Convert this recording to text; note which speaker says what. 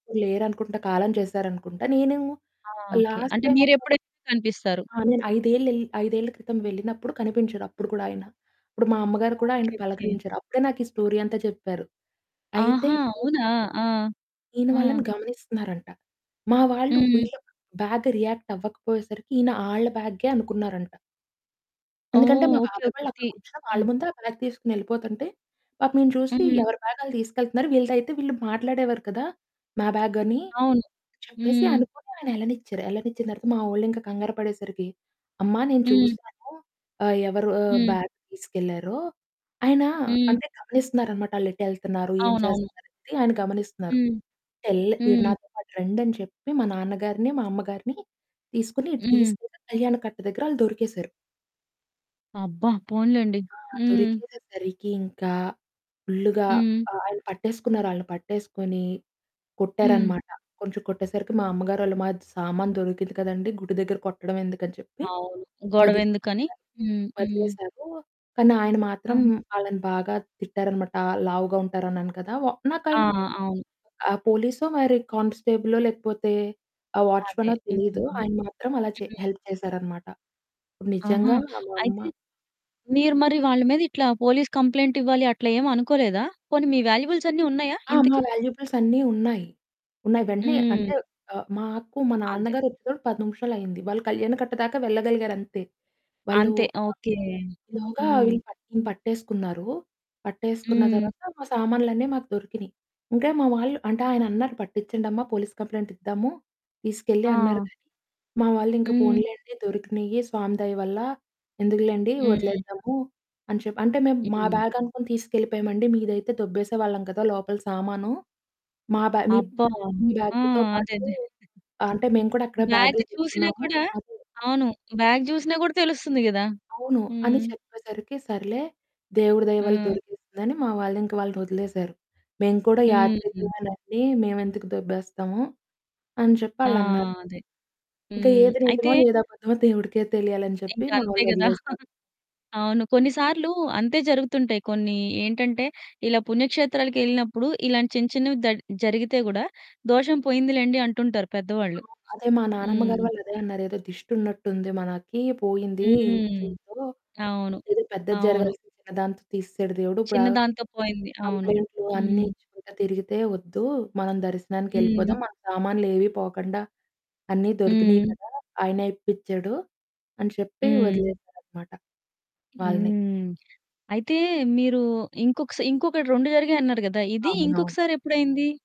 Speaker 1: లేరనుకుంటా. కాలం చేశారనుకుంటా. నేను
Speaker 2: ఆ! Okay.
Speaker 1: Last
Speaker 2: అంటే
Speaker 1: టైమ్
Speaker 2: మీరు
Speaker 1: ఒక
Speaker 2: ఎప్పుడైతే కనిపిస్తారు.
Speaker 1: ఆ! నేను ఐదేల్లెల్ 5ఏళ్ల క్రితం వెళ్ళినప్పుడు కనిపించరు, అప్పుడు కూడా ఆయన. ఇప్పుడు మా అమ్మగారు కూడా
Speaker 2: ఓకే.
Speaker 1: ఆయన్ని
Speaker 2: ఓకే.
Speaker 1: పలకరించారు. అప్పుడే నాకు ఈ స్టోరీ అంతా చెప్పారు. అయితే
Speaker 2: ఆహా!
Speaker 1: ఈయన...
Speaker 2: అవునా! ఆ!
Speaker 1: ఈయన
Speaker 2: హ్మ్.
Speaker 1: వాళ్లని గమనిస్తున్నారంట. మా వాళ్లు
Speaker 2: హ్మ్.
Speaker 1: వీళ్లకు బ్యాగ్ రియాక్ట్ అవ్వకపోయేసరికి ఈయన ఆళ్ల బ్యాగేననుకున్నారంట. ఎందుకంటే
Speaker 2: ఓహ్!
Speaker 1: మా
Speaker 2: ఓకే.
Speaker 1: బాబాయ్
Speaker 2: ఓకే.
Speaker 1: వాళ్లు అక్కడ
Speaker 2: తి
Speaker 1: కూర్చుని, వాళ్ల
Speaker 2: హ్మ్.
Speaker 1: ముందే ఆ బ్యాగ్ తీసుకొని ఏళ్లిపోతుంటే, పాపం ఈయన చూసి,
Speaker 2: హ్మ్.
Speaker 1: "ఎవరి బ్యాగ్ ఆళ్లు తీసుకెళ్తున్నారు. వీళ్లదైతే వీళ్లు మాట్లాడే‌వారు కదా! మా బ్యాగని"
Speaker 2: అవును.
Speaker 1: చెప్పేసి
Speaker 2: హ్మ్.
Speaker 1: అనుకోని ఆయన ఏళ్లనిచ్చారు. ఏళ్లనిచ్చిన తర్వాత మా వొళ్లు ఇంకా కంగారు పడేసరికి, "అమ్మా, నేను
Speaker 2: హ్మ్.
Speaker 1: చూసాను ఆహ్, ఎవరు ఆహ్,
Speaker 2: హ్మ్.
Speaker 1: బ్యాగ్ తీసుకెళ్లారో" ఆయన
Speaker 2: హ్మ్.
Speaker 1: అంటే, గమనిస్తున్నారన్నమాట. ఆళ్లు ఎటు ఏళ్తున్నారు, ఏం
Speaker 2: అవునవును.
Speaker 1: చేస్తన్నారు అని, ఆయన గమనిస్తున్నారు.
Speaker 2: హ్మ్.
Speaker 1: టెల్ "మీరు
Speaker 2: హ్మ్.
Speaker 1: నాతో పాటు రండి" అని చెప్పి మా నాన్నగారిని, మా అమ్మగారిని తీసుకొని ఇటు
Speaker 2: హ్మ్.
Speaker 1: తీసుకెళ్లి కళ్యాణకట్ట దగ్గర ఆళ్లు దొరికేశారు.
Speaker 2: అబ్బా! పోన్లెండి.
Speaker 1: ఆ!
Speaker 2: హ్మ్.
Speaker 1: దొరికేసరికి ఇంకా ఫుల్‌గా
Speaker 2: హ్మ్.
Speaker 1: ఆ ఆయన పట్టేసుకున్నారు. ఆళ్లని పట్టేసుకొని,
Speaker 2: హ్మ్.
Speaker 1: కొట్టారన్నమాట. కొంచెం కొట్టేసరికి మా అమ్మగారోళమజ్ "సామాను దొరికింది కదండీ! గుడి దగ్గర కొట్టడం ఎందుకని?" చెప్పి
Speaker 2: అవును. గొడవ ఎందుకని.
Speaker 1: వదిలేశారు,
Speaker 2: హ్మ్, హ్మ్.
Speaker 1: వదిలేశారు, కానీ ఆయన మాత్రం
Speaker 2: హ్మ్.
Speaker 1: ఆళ్లని బాగా తిట్టారన్నమాట. లావుగా ఉంటారన్నాను కదా! వ నాకు
Speaker 2: ఆ!
Speaker 1: ఆయన
Speaker 2: అవును.
Speaker 1: ఆహ్, పోలీసో మరి కానిస్టేబులో లేకపోతే ఆహ్,
Speaker 2: అదే.
Speaker 1: వాచ్‌మనో
Speaker 2: హ్మ్.
Speaker 1: తెలీదు. ఆయన మాత్రం అలా చే
Speaker 2: హ్మ్.
Speaker 1: హెల్ప్ చేశారన్నమాట.
Speaker 2: ఆహా!
Speaker 1: నిజంగా మా
Speaker 2: అయితే,
Speaker 1: అమ్మ
Speaker 2: మీరు మరి వాళ్ల మీద ఇట్లా పోలీస్ కంప్లెయింట్ ఇవ్వాలి అట్లా ఏమనుకోలేదా? పోనీ, మీ వాల్యుబుల్స్ అన్ని ఉన్నాయా
Speaker 1: ఆ! మా
Speaker 2: ఇంతకి?
Speaker 1: వాల్యుబుల్స్ అన్నీ ఉన్నాయి. ఉన్నాయి. వెంటనే అంటే,
Speaker 2: హ్మ్.
Speaker 1: ఆహ్, మాకు, మా
Speaker 2: అంతే.
Speaker 1: నాన్నగారు వొచ్చేటప్పటికి 10 నిమిషాలు అయింది. వాళ్లు కళ్యాణకట్ట దాకా వెళ్లగలిగారు అంతే. వాళ్లు
Speaker 2: అంతే. ఓకే.
Speaker 1: ఇలోగా
Speaker 2: హ్మ్.
Speaker 1: వీళ్లు పట్టిం పట్టేసుకున్నారు. పట్టేసుకున్న
Speaker 2: హ్మ్.
Speaker 1: తర్వాత మా సామాన్లన్నీ మాకు దొరికినియి. ఇంకా మా వాళ్లు అంటే, ఆయన అన్నారు, "పట్టించండమ్మా, పోలీస్ కంప్లెయింట్ ఇద్దాము, తీసుకెళ్లి" అన్నారు.
Speaker 2: ఆ!
Speaker 1: కానీ మా వాళ్లు, "ఇంకా
Speaker 2: హ్మ్.
Speaker 1: పోనీలెండి. దొరికినాయి స్వామి దయ వల్ల. ఎందుకులెండి,
Speaker 2: హ్మ్.
Speaker 1: వదిలేద్దాము" అని చెప్పారు. అంటే, "మేము మా
Speaker 2: హ్మ్.
Speaker 1: బ్యాగ్ అనుకుని తీసుకెళ్లిపోయామండి. మీదైతే దొబ్బేసేవాళ్లం కదా! లోపల సామాను, మా బ్యాగ్ మీప్
Speaker 2: అబ్బా!
Speaker 1: మీ
Speaker 2: ఆ!
Speaker 1: బ్యాగ్‌తో
Speaker 2: అదే.
Speaker 1: పాటు
Speaker 2: అదే.
Speaker 1: అంటే, మేము కూడా అక్కడే
Speaker 2: బ్యాగ్
Speaker 1: బాగ్లు
Speaker 2: చూసినా
Speaker 1: పెట్టుకున్నాము
Speaker 2: కూడా
Speaker 1: అది"
Speaker 2: అవును. బ్యాగ్ చూసినా కూడా తెలుస్తుంది కదా!
Speaker 1: "అవును" అని
Speaker 2: హ్మ్.
Speaker 1: చెప్పేసరికి, "సర్లే, దేవుడి దయ వల్ల
Speaker 2: హ్మ్.
Speaker 1: దొరికేసింది" అని మా వాళ్లు ఇంక వాళ్లని వొదిలేసారు. "మేము కూడా
Speaker 2: హ్మ్.
Speaker 1: యాత్రికులమెనండి. మేమెందుకు దొబ్బేస్తాము?" అని చెప్పి
Speaker 2: ఆ!
Speaker 1: ఆళ్లు అన్నారు.
Speaker 2: అదే.
Speaker 1: ఇంకా
Speaker 2: హ్మ్,
Speaker 1: ఏది
Speaker 2: అయితే
Speaker 1: నిజమో, ఏది అబద్ధమో దేవుడికే తెలియాలి అని చెప్పి
Speaker 2: ఇంకా
Speaker 1: మా
Speaker 2: అంతే
Speaker 1: వాళ్లు
Speaker 2: కదా!
Speaker 1: వొదిలేసారు.
Speaker 2: అవును కొన్ని సార్లు అంతే జరుగుతుంటాయి. కొన్ని ఏంటంటే, ఇలా పుణ్యక్షేత్రాలకెళ్ళినప్పుడు ఇలాంటి చిన్న చిన్నవి దద్ జరిగితే కూడా దోషం పోయింది లెండి అంటుంటారు పెద్దవాళ్ళు.
Speaker 1: అవును. అదే మా నానమ్మగారు
Speaker 2: హ్మ్.
Speaker 1: వాళ్లు అదే అన్నారు. "ఏదో దిష్టి ఉన్నట్టుంది. మనకి పోయింది
Speaker 2: హ్మ్.
Speaker 1: దీంతో.
Speaker 2: అవును.
Speaker 1: ఏదో పెద్దది
Speaker 2: అవును.
Speaker 1: జరగాల్సింది, చిన్నదాంతో తీసేసాడు దేవుడు. ఇప్పుడు ఆ
Speaker 2: చిన్నదాంతో పోయింది. అవును.
Speaker 1: కంప్లెయింట్లు అన్నీ
Speaker 2: హ్మ్.
Speaker 1: ఇచ్చుకుంటా తిరిగితే వద్దు. మనం
Speaker 2: హ్మ్.
Speaker 1: దర్శనానికెళ్లిపోదాం, మన సామాన్లు ఏవీ పోకుండా, అన్నీ దొరికినాయి
Speaker 2: హ్మ్.
Speaker 1: కదా! ఆయనే ఇప్పిచాడు" అని చెప్పి
Speaker 2: హ్మ్.
Speaker 1: వొదిలేసారన్నమాట వాళ్లని.
Speaker 2: హ్మ్. అయితే మీరు ఇంకొక స ఇంకొకటి 2 జరిగాయి అన్నారు కదా! ఇది
Speaker 1: అవునవును.
Speaker 2: ఇంకొకసారెప్పుడయింది?